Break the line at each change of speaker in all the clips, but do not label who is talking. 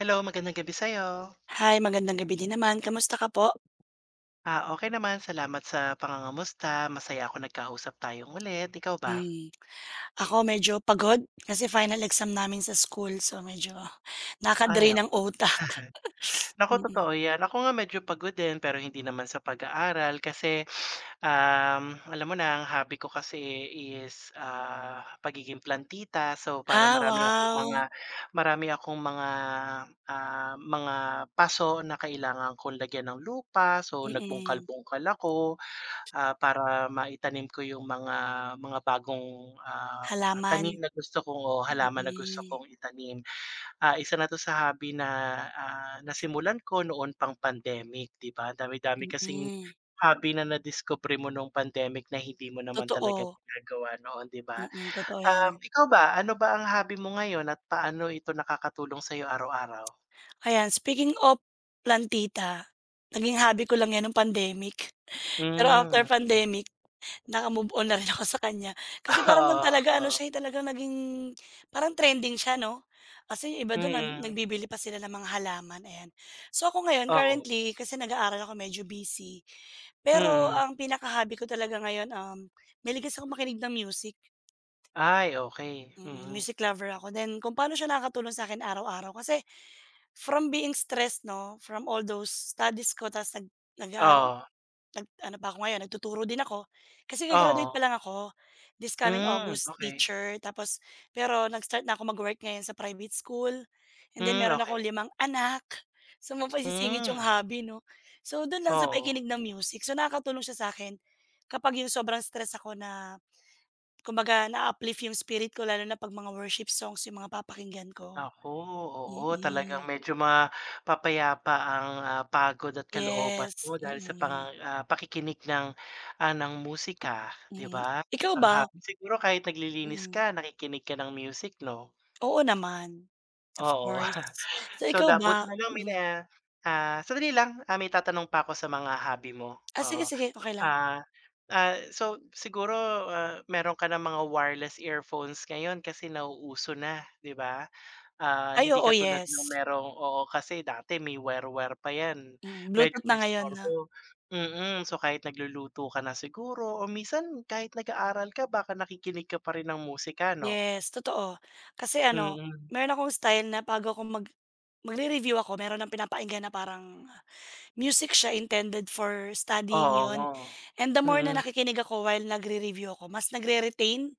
Hello, magandang gabi sa'yo.
Hi, magandang gabi din naman. Kamusta ka po?
Ah, okey naman. Salamat sa pangangamusta, masaya ako nagkausap tayong ulit, ikaw ba?
Hmm, ako medyo pagod kasi final exam namin sa school so, medyo
Ay,
nakaka-drain
tama.
ng utak.
Naku,
Mm.
totoo yan. Ako nga medyo pagod din, pero hindi naman sa pag-aaral kasi, ah, alam mo na, ang hobby ko kasi is, ah, pagiging plantita, so, para
Ah,
marami akong mga
wow!
marami akong mga, ah, mga paso na kailangan kong lagyan ng lupa so,
Mm.
nagbungkal-bungkal ako, ah, para maitanim ko yung mga mga bagong, ah, tanim
Halaman.
na gusto kong o halaman na gusto
Mm.
kong itanim. Ah, isa na 'to sa hobby na, ah, nasimulan ko noon pang pandemic, 'di ba, dami-dami kasing
Mm.
hobby na nadiskubre mo nung pandemic na hindi mo naman talaga
Totoo.
ginagawa noon, 'di ba?
Mm, totoo
Ah,
yan.
ikaw ba, ano ba ang hobby mo ngayon at paano ito nakakatulong sa'yo araw-araw?
Ayan, speaking of plantita, naging hobby ko lang yan nung pandemic, pero after
Hmm, okey.
pandemic, naka-move on na rin ako sa kanya. Kasi parang 'nun
Oo,
talaga ano
oh.
siya, eh, talagang naging parang trending siya, 'no? Kasi yung iba dun na
Mm.
nagbibili pa sila ng mga halaman, ayan. So, ako ngayon
Oo.
currently, kasi nag-aaral ako medyo busy, pero
Mm.
ang pinaka-hobby ko talaga ngayon, um, mahilig kasi akong makinig ng music.
Ay, okey.
Mm,
Mm.
music lover ako, then kung paano siya nakakatulong sa akin araw-araw kasi from being stressed, 'no, from all those studies ko tapos nag nag-aaral
Oo.
nag ano pa ako ngayon nagtuturo din ako. Kasi ga-graduate
Oo.
pa lang ako this coming
Hmm,
August,
okey.
teacher tapos, pero nag-start na ako mag-work ngayon sa private school, and then
Hmm,
meron akong
okey.
limang anak, so saan mo pa isisingit yung
Hmm.
hobby, 'no? So, dun lang sa
Oo.
pakikinig ng music. So, nakakatulong siya sa akin kapag yung sobrang stress ako na, kumbaga naa-uplift yung spirit ko, lalo na 'pag mga worship songs yung mga papakinggan ko.
Naku, oo, talagang
Mm.
medyo mapapayapa ang, ah, pagod at kalooban
Yes,
mo dahil sa
mm.
pang ah, pakikinig ng, ah, ng musika 'di
Mm,
ba?
ikaw
Isang
ba?
hapon siguro kahit naglilinis
Mm.
ka, nakikinig ka ng music, 'no?
Oo naman, of
Oo.
course. So,
So,
ikaw
dabut
ba?
nalang may na
Mm.
ah, sandali lang, ah, may itatanong pa ako sa mga hobby mo,
Ah, sige
oo.
sige. Okey lang.
Ah ah, so, siguro, ah, meron ka ng mga wireless earphones ngayon kasi nauuso na, 'di ba? Ah,
Ay,
hindi
oo.
katulad na
Yes.
merong, oo, kasi dati may wire wire pa yan,
Mm,
medyo
bluetooth na ngayon, 'no?
disturbo, mm. So kahit nagluluto ka na siguro o minsan kahit nag-aaral ka baka nakikinig ka pa rin ng musika, 'no?
Yes, totoo. Kasi ano,
Mm.
meron akong style na bago akong mag magre-review ako meron ng pinapakinggan na parang music siya intended for studying yun
Oo,
and the more na
mm.
nakikinig ako while nagre-review ako mas nagre-retain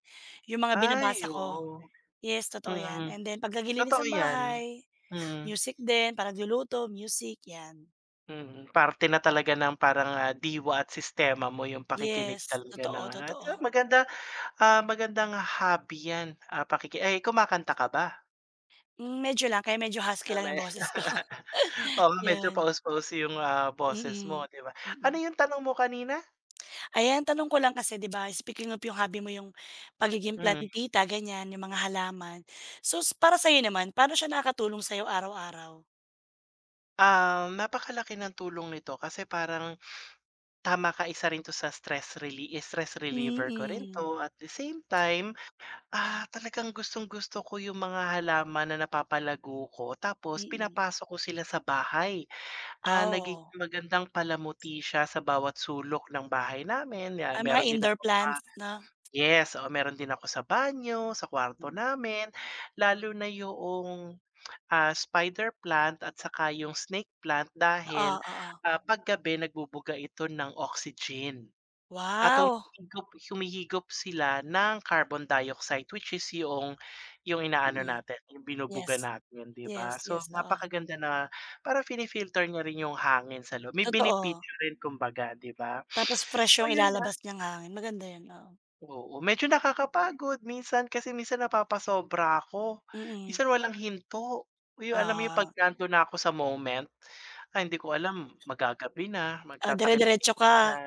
yung mga
Ay!
binabasa ko.
Oo,
Yes, totoo
mm.
yan, and then 'pag naglilinis
Totoo
ng
yan.
bahay
Mm.
music din, 'pag nagluluto, music, 'yan.
Mhm, parte na talaga ng parang, ah, diwa at sistema mo yung pakikinig
Yes,
talaga ng
totoo,
at, ah,
totoo.
maganda, ah, magandang hobby yan, ah, pakiki ay, kumakanta ka ba?
Hmm, medyo lang, kaya medyo husky
Ah,
lang
may
yung boses ko.
oo nga, medyo
Yan.
paos-paos yung, ah, boses, mo
Mm,
di ba? Ano
mm.
yung tanong mo kanina?
Ayan, tanong ko lang kasi 'di ba, speaking of yung hobby mo yung pagiging
Mm.
plantita, ganyan, yung mga halaman, so para sa'yo naman, paano siya nakakatulong sa'yo araw-araw?
Um, napakalaki ng tulong nito kasi parang, tama ka, isa rin 'to sa stress reli stress reliever ko rin 'to,
Mm.
at the same time, ah, talagang gustong-gusto ko yung mga halaman na napapalago ko, tapos
Mm.
pinapasok ko sila sa bahay. Ah,
Ah, oo.
nagiging magandang palamuti siya sa bawat sulok ng bahay namin. Yan,
Ah, mga
meron din na
indoor
mga
plants, 'no?
yes, oo, meron din ako sa banyo, sa kwarto
Hmm.
namin. Lalo na 'yong, ah, spider plant at saka yung snake plant.
Oo,
Dahil,
oo.
ah, 'pag gabi nagbubuga ito ng oxygen at
Wow!
humihigop humihigop sila ng carbon dioxide, which is 'yong 'yong inaano
Mm.
natin yung binubuga
Yes.
natin, di ba?
Yes,
So,
yes, oo.
napakaganda na, para pini-filter niya rin yung hangin sa lo may
Totoo.
benepisyo rin kumbaga di ba?
Tapos fresh
So,
yung
yun, ah.
ilalabas niyang hangin. Maganda 'yon, oo.
Oo, medyo nakakapagod, minsan kasi minsan napapasobra ako,
Mm.
minsan walang hinto. Uy, yung alam mo yung 'pag
Oo.
nando'n na ako sa moment? Ah, hindi ko alam, maggagabi na,
Ah,
magtatakip-silim
dire-diretso
na
ka?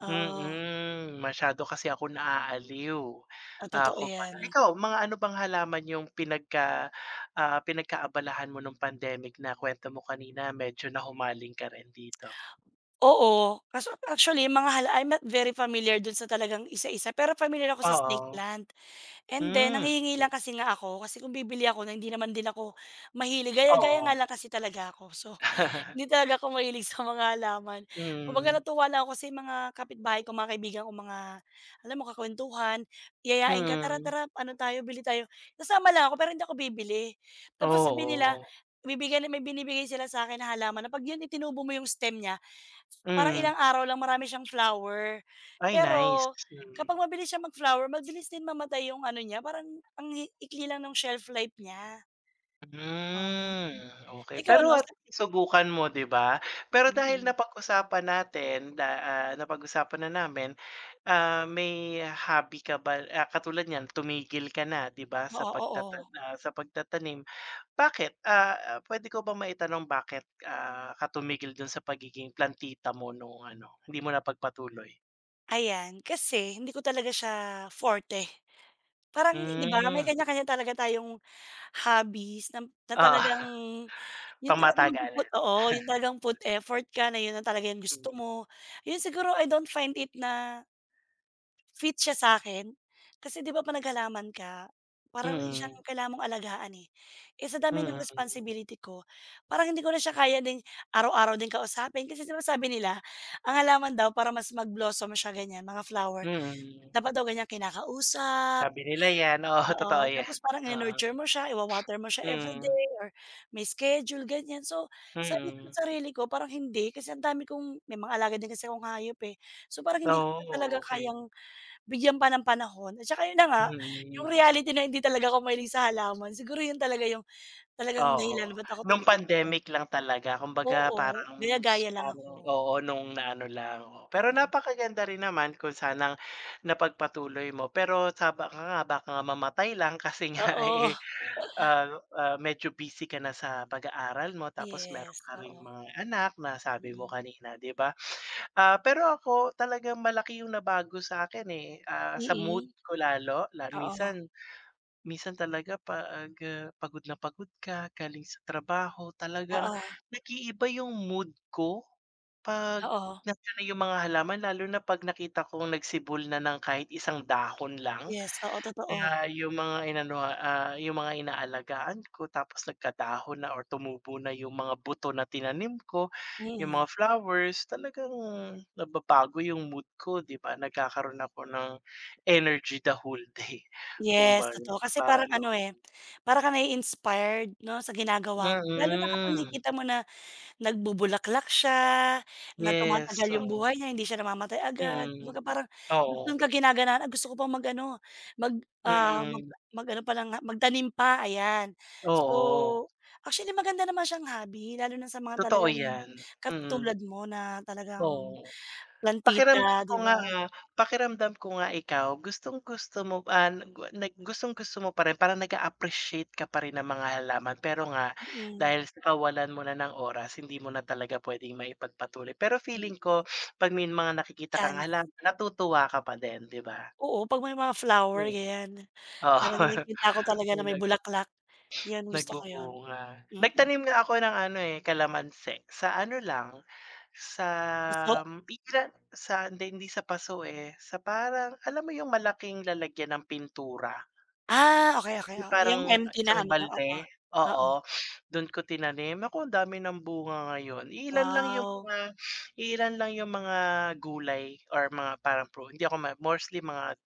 Oo.
mm, masyado kasi ako naaaliw.
Ah, totoo
Ako panay
yan.
ikaw, mga ano bang halaman yung pinagka, ah, pinagkaabalahan mo nung pandemic na kwento mo kanina medyo nahumaling ka rin dito?
Oo. Kaso actually, yung mga hala I'm not very familiar dun sa talagang isa-isa, pero pamilyar ako sa snake
Oo.
plant. And then,
Hmm.
nanghihingi lang
[unintelligible]
kasi nga ako, kasi kung bibili ako na hindi naman din ako mahilig, gaya-gaya
Oo.
nga lang kasi talaga ko, so hindi talaga ako mahilig sa mga halaman. Kumbaga
Mm.
natuwa lang ako kasi yung mga kapitbahay ko, mga kaibigan kong mga, alam mo kakwentuhan, yayain ka, "Tara,
Mm.
tara, ano tayo, bili tayo." sasama lang ako pero hindi ako bibili. Tapos sabihin nila
Oo.
ibibigay na may binibigay sila sa akin na halaman, na 'pag yun itinubo mo yung stem nya, parang ilang
Mm.
araw lang marami siyang flower.
Ay, nice,
Pero kapag
mm.
mabilis siyang mag-flower, mabilis din mamatay yung ano niya, parang ang hi ikli lang nung shelf life nya. Ah,
Mm, okey,
ikaw ano
pero at
sa
least nasubukan mo di ba? Pero dahil
Mm.
napag-usapan natin na, ah, napag-usapan na namin, ah, may hobby ka ba ah, katulad niyan tumigil ka na, di ba sa
Oo,
pagtatan
oo.
ah, sa pagtatanim. Bakit? Ah, pwede ko ba maitanong bakit, ah, ka tumigil dun sa pagiging plantita mo nung ano, hindi mo napagpatuloy?
Ayan, kasi hindi ko talaga siya forte. Parang di ba, may
Hmm.
kanya-kanya talaga tayong hobbies nam na
Oo.
talagang yun talagang
Pangmatagalan.
magpuput, oo, yun talagang put effort ka na yun na talaga yung
Hmm.
gusto mo. Yun siguro, I don't find it na fit siya sakin. Kasi, di ba, 'pag naghalaman ka, para rin siyang
Mm.
kailangan mong alagaan, eh. Eh, sa dami ng
Mm.
responsibility ko, parang hindi ko na siya kaya din araw-araw din kausapin. Kasi sinasabi nila ang halaman daw para mas mag-blossom siya, ganyan, mga flower
Mm.
dapat daw ganyang kinakausap,
Sabi nila yan, oo, totoo
oo,
yan,
tapos parang
oo.
i-nurture mo siya, iwa-water mo siya
Mm.
everyday, or may schedule, ganyan. So, sabi ko
Mm.
sarili ko, parang hindi. Kasi ang dami kong may mga alaga din kasi akong hayop, eh. So, parang hindi ko
Oh,
talaga
okey.
kayang bigyan pa ng panahon, at tsaka yun na nga, yung
Mm.
reality na hindi talaga ako mahilig sa halaman. Siguro yun talaga yung talagang dahilan
Oo,
ba't ako
nung
tumigil.
pandemic lang talaga, kumbaga,
Oo,
parang s
gaya-gaya lang
parang,
ako.
oo, nung naano lang. Pero
Mm.
napakaganda rin naman kung sanang napagpatuloy mo, pero sa baka nga, baka nga mamatay lang kasi nga
Oo.
eh, ah, ah, medyo busy ka na sa pag-aaral mo, tapos meron
Yes,
ka ring
oo.
mga anak, na sabi mo
Mm.
kanina, di ba? Ah, pero ako talagang malaki yung nabago sakin, eh, ah, sa mood
Mm.
ko lalo, la
Oo.
minsan minsan talaga 'pag, ah, pagod na pagod ka galing sa trabaho. Talagang
Oo.
nag-iiba yung mood ko. 'Pag
Oo.
na [unintelligible] yung mga halaman lalo na 'pag nakita kong nagsibol na ng kahit isang dahon lang,
Yes, oo, totoo.
ah, yung mga inano, ah, yung mga inaalagaan ko, tapos nagkadahon na or tumubo na yung mga buto na tinanim ko, yung
Mm.
mga flowers, talagang nababago yung mood ko, di ba, nagkakaroon ako ng energy the whole day.
Yes,
kumbaga,
totoo. Kasi
para
parang
daw
ano, eh,
akong
parang kang nai-inspired, 'no, sa ginagawa mo. Lalo na kapag
Mm.
nakikita mo na nagbubulaklak siya, na
Yes,
tumatagal yung
oo.
buhay niya, hindi siya namamatay agad.
Mm,
Kumbaga parang dun
oo.
ka ginaganahan, gusto ko pang mag-ano, mag, ah, mag
Mm.
mag-ano palang nga, magtanim pa, ayan. So,
Oo.
actually, maganda naman siyang hobby, lalo na sa mga
Totoo
talagang
yan, mm.
katulad mo na talagang
Oo, pakiramdam
plantita,
ko
di
nga,
ba?
ah, pakiramdam ko nga ikaw gustong-gusto mo an gwa nag gustong-gusto mo pa rin, parang nag-a-appreciate ka pa rin ng mga halaman. Pero nga,
Mm.
dahil sa kawalan mo na ng oras hindi mo na talaga pwedeng maipagpatuloy, pero
Mm.
feeling ko, 'pag may mga nakikita kang
Chance.
halaman, natutuwa ka pa din, di ba?
Oo, pag may mga flower,
Hmm.
ganyan. Parang
Oo,
nakikita ko talaga na may
nag
bulaklak. Yun, gusto ko yun,
nagbubunga.
mm.
Nagtanim nga ako ng ano, eh, kalamansi. Sa ano lang, sa
Paso?
m pikla sa hindi, hindi sa paso eh, sa parang, alam mo yung malaking lalagyan ng pintura?
Ah, okey-okey,
Yung
oo, yung
parang
empty na
isang
ano, oo.
balde?
Oo.
Oo, dun ko tinanim. Naku, ang dami ng bunga ngayon. Iilan lang yung
Wow.
mga iilan lang yung mga gulay or mga parang pru hindi ako ma mostly mga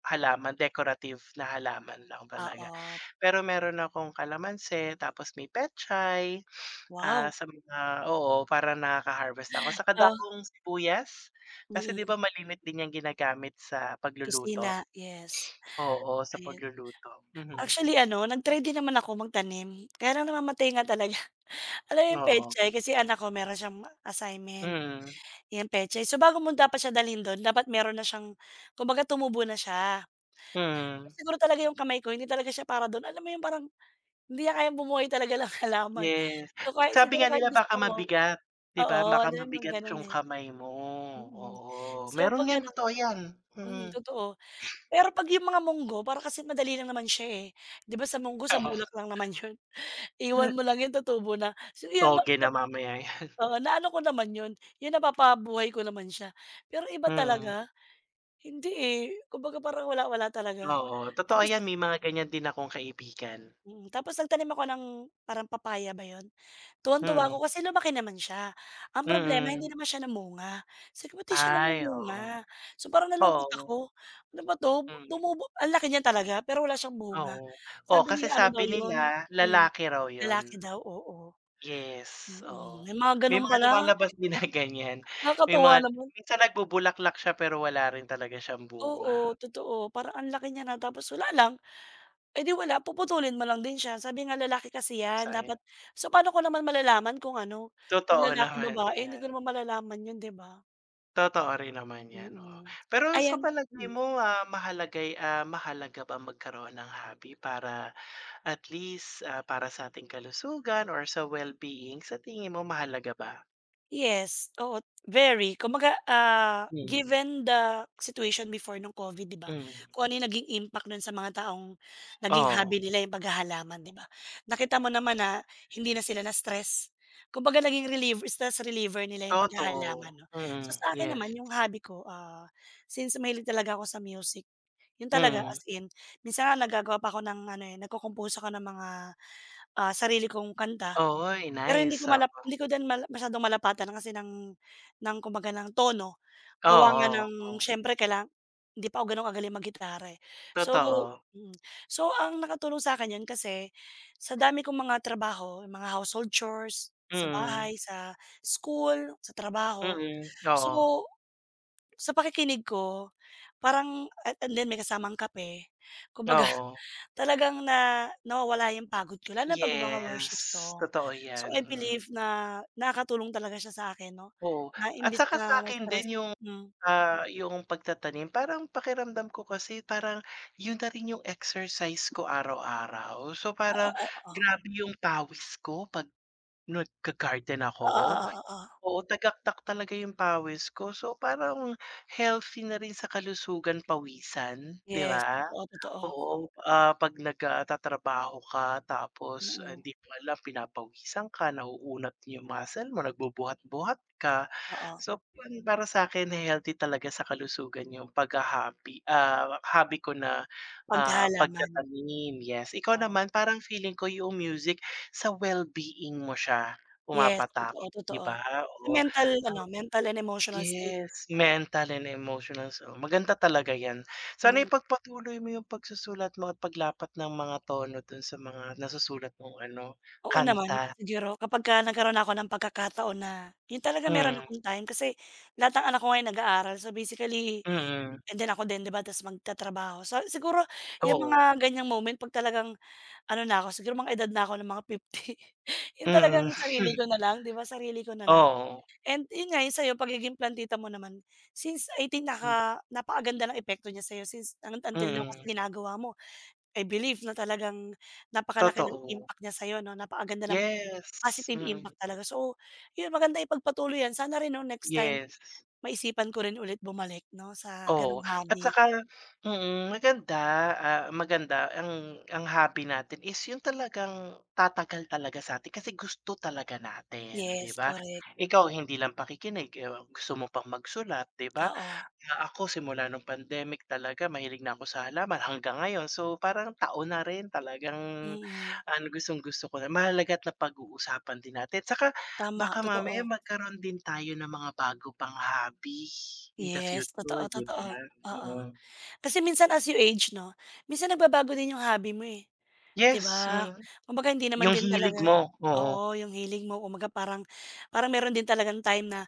halaman, decorative na halaman lang talaga.
Oo.
Pero meron akong kalamansi, tapos may pechay, ah,
Wow.
sa mga oo, para nakaka-harvest ako. Saka
Ah.
dahong sibuyas, kasi, di
Mm.
ba, malimit din yang ginagamit sa
Kusina,
pagluluto?
yes.
Oo, sa
Ayun.
pagluluto, mhm.
Actually, ano, nag-try din naman ako magtanim. Kaya lang namamatay nga talaga. Alam mo yung
Oo.
petsay, kasi anak ko meron siyang ma assignment,
Mm.
yan petsay. So, bago mo dapat siya dalhin do'n dapat meron na siyang kumbaga tumubo na siya.
Mm.
Siguro talaga yung kamay ko hindi talaga siya para dun. Alam mo yun parang, hindi niya kayang bumuhay talaga ng halaman.
Yes.
So, kahit
Sabi
siguro
nga
kahit
nila baka
gusto ko,
mabigat, di ba,
oo,
baka
din
mabigat
magganun,
yung
eh.
kamay mo,
Mm.
oo.
So,
Meron
'pag
yan,
ganun
totoo yan,
mm,
mm.
totoo. Pero 'pag yung mga monggo, para kasi madali lang naman siya, eh. Di ba sa monggo, sa bulak lang naman yun? Iwan mo lang yun, tutubo na. So, 'yon, nop
Toge na
nop
mamaya yan.
oo, naano ko naman yun, yung napapabuhay ko naman siya. Pero iba
Mm.
talaga, hindi, eh, kumbaga, parang wala, wala talaga.
Oo, totoo
Tapos
yan may mga ganyan din akong kaibigan.
Mm, tapos nagtanim ako ng parang papaya ba yun? Tuwang-tuwa
Mm.
ako kasi lumaki naman siya. Ang problema,
Mm.
hindi naman siya namunga. Sabi ko, "Ba't di siya
Ay, oo.
namumunga?" So, parang nalungkot
Oo.
ako. "Ano ba 'to?"
Mm.
Tumubo, ang laki niya talaga. Pero wala siyang bunga.
Oo. Oo
Sabi
kasi
nila, ano daw,
sabi
yun,
nila
hmm,
lalaki raw yun.
lalaki daw, oo.
Yes,
Mm,
oo.
may mga
May
gano'n
mga
pala.
lumalabas din na ganyan. May
Nakakatuwa
mga
naman.
minsan nagbubulaklak siya, pero wala rin talaga siyang bunga.
Oo, totoo, parang ang laki niya na, tapos wala lang. Eh, di wala, puputulin mo lang din siya. Sabi nga lalaki kasi yan,
Sayang.
dapat So, paano ko naman malalaman kung ano, kung
Totoo
lalaki,
naman,
babae, hindi
yan.
ko naman malalaman yun, di ba?
Totoo rin naman yan, oo.
Mm,
Pero sa
ayan.
palagay
Hmm.
mo, ah, mahalagay, ah, mahalaga ba magkaroon ng hobby para at least, ah, para sa ating kalusugan or sa wellbeing, sa tingin mo, mahalaga ba?
Yes, oo, very. Kumbaga, ah,
Mm.
given the situation before nung Covid, ‘di ba?
Mm.
Kung ano yung naging impact nun sa mga taong naging
Oo.
hobby nila yung paghahalaman, ‘di ba? Nakita mo naman na hindi na sila na-stress, kumbaga naging relieve stress reliever nila yung
Totoo,
paghahalaman, ‘no?
mm.
So, sa akin
Yes.
naman, yung hobby ko, ah, since mahilig talaga ako sa music, yun talaga
Mm.
as in. Minsan nga nagagawa pa ako ng ano, eh, nagco-compose ako ng mga, ah, sarili kong kanta.
Oh, uy,
Pero hindi
nice,
ko
oo.
malap hindi ko din mal masyadong malapatan kasi ng ng, kumbaga, ng tono. Gawa nga
Oo,
ng
oo.
siyempre kailanga hindi pa ako gano’n kagaling maggitara, eh. So
Totoo.
mm. So, ang nakatulong sakin, ‘yan kasi sa dami kong mga trabaho, mga household chores, sa
Mm.
bahay, sa school, sa trabaho.
Mm, oo.
So, sa pakikinig ko parang a a and then may kasamang kape, kumbaga
Oo.
talagang na nawawala yung pagod ko lalo na ‘pag mga worship
Yes,
song.
totoo
So,
‘yan.
I
Mm.
believe na nakakatulong talaga siya sa akin ‘no,
Oo.
na
At
imbes
saka
na
sa’kin
ma-stress,
din, yung,
hmm.
ah, yung pagtatanim parang pakiramdam ko kasi parang yun na rin yung exercise ko araw-araw. So,
Ah,
parang
oo-oo.
grabe yung pawis ko ‘pag nag ga-garden ako.
Oo-oo-oo.
Oo, tagaktak talaga yung pawis ko. So, parang healthy na rin sa kalusugan pawisan, ‘di
Yes,
ba?
totoo-totoo.
Oo, ah, ‘pag nag, ah, tatrabaho ka, tapos, ah,
Mm.
hindi mo alam pinapawisan ka, nauunat yung muscle mo, nagbubuhat-buhat ka.
Oo.
So, pan para sakin, eh, healthy talaga sa kalusugan yung paghaha-hobby, ah, hobby ko na, ah,
Paghahalaman.
pagtatanim. Yes, ikaw
Oh.
naman parang feeling ko yung music sa well-being mo siya
Yes,
pumapatak, ‘di
totoo-totoo.
ba?
Sa
Oo,
mental
ah,
ano, mental and emotional state.
yes,
Oo.
mental and emotional. So, maganda talaga ‘yan. Sana
Mm.
ipagpatuloy mo yung pagsusulat mo at paglapat ng mga tono dun sa mga nasusulat mong ano,
Oo naman,
kanta.
siguro kapagka nagkaroon ako ng pagkakataon na yun talaga meron
Hmm.
akong time kasi lahat ng anak ko ngayon nag-aaral. So, basically,
Mm.
and then ako din, ‘di ba, tapos magtatrabaho. So, siguro yung
Oo.
mga ganiyang moment ‘pag talagang ano na ako, siguro mga edad na ako ng mga 50, yun talagang
Mm.
sarili ko nalang, ‘di ba, sarili ko na lang,
Oo.
and, yun nga, yung sa‘yo, pagiging plantita mo naman. Since 18,
Hmm.
naka napakaganda ng epekto niya sa‘yo. Since ano, until now kasi
Mm.
ginagawa mo. I believe na talagang napakalaki ng
Totoo.
impact niya sa‘yo ‘no, napakaganda ng
Yes.
positive
Mm.
impact talaga. So, yun, maganda ipagpatuloy ‘yan. Sana rin ‘no, next time
Yes.
maisipan ko rin ulit bumalik ‘no sa gano’ng
Oo, at
hobby.
saka, mm, maganda, ah, maganda ang ang hobby natin is yung talagang tatagal talaga sa atin, kasi gusto talaga natin, ‘di
Yes,
ba?
korek.
Ikaw, hindi lang pakikinig, eh, gusto mo pang magsulat, ‘di ba,
Oo.
na ako simula nung pandemic talaga mahilig na ako sa halaman hanggang ngayon. So, parang taon na rin, talagang
Mm.
ang gustong-gusto ko na mahalaga at napag-uusapan din natin. Tsaka
Tama,
baka mamaya
totoo.
magkaroon din tayo ng mga bago pang hobby in the
Yes,
future, ‘di ba?
totoo-totoo. Oo.
Mm.
Kasi minsan as you age ‘no, minsan nagbabago din yung hobby mo, eh, ‘di
Yes,
ba?
mm.
Kumbaga hindi naman
Yung
din
hilig
talaga,
mo, oo.
oo, yung hilig mo kumbaga parang parang meron din talagang time na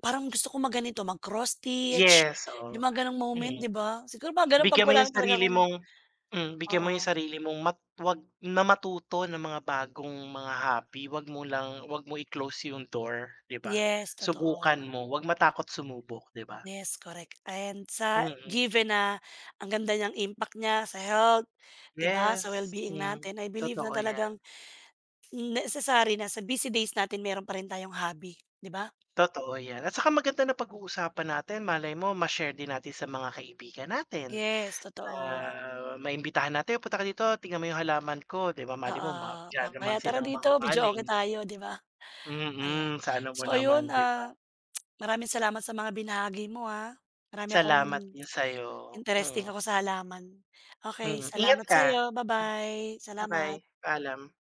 parang gusto kong mag ganito, mag-cross stitch,
Yes, oo,
yung mga gano’ng moment,
mm.
‘di ba? Siguro mga gano’n ‘pag
Bigyan mo
wala
yung
na talaga
sarili
akong
mong, hmm, bigyan mo yung
Oo.
sarili mong mat ‘wag na matuto ng mga bagong mga hobby. Huwag mo lang ‘wag mo i-close yung door, ‘di ba?
Yes,
Subukan
totoo.
mo. Huwag matakot sumubok, ‘di ba?
Yes correct, and sa
Mm.
given na ang ganda niyang impact niya sa health, ‘di ba, sa
Yes,
well-being
hmm.
natin, I believe na
Totoo ‘yan.
talagang necessary na sa busy days natin meron pa rin tayong hobby, ‘di ba?
Totoo ‘yan, at saka maganda napag-uusapan natin. Malay mo ma-share din natin sa mga kaibigan natin.
Yes, totoo.
Ah, maimbitahan natin, "Punta ka dito tignan mo yung halaman ko," ‘di ba? Malay
Oo,
mo ma
o
diyan naman
kaya tara
silang
dito,
mahumaling.
videoke tayo, 'di ba? Ayan.
Mm, sa ano mo
So, ayun,
naman, ‘di ba?
ah, maraming salamat sa mga binahagi mo, ah. Marami akong,
Salamat din sa‘yo.
interesting
Mm.
ako sa halaman. Okey,
Mm. Ingat
salamat
ka.
sa‘yo. Ba-bye. Salamat.
Ba-bye. Paalam.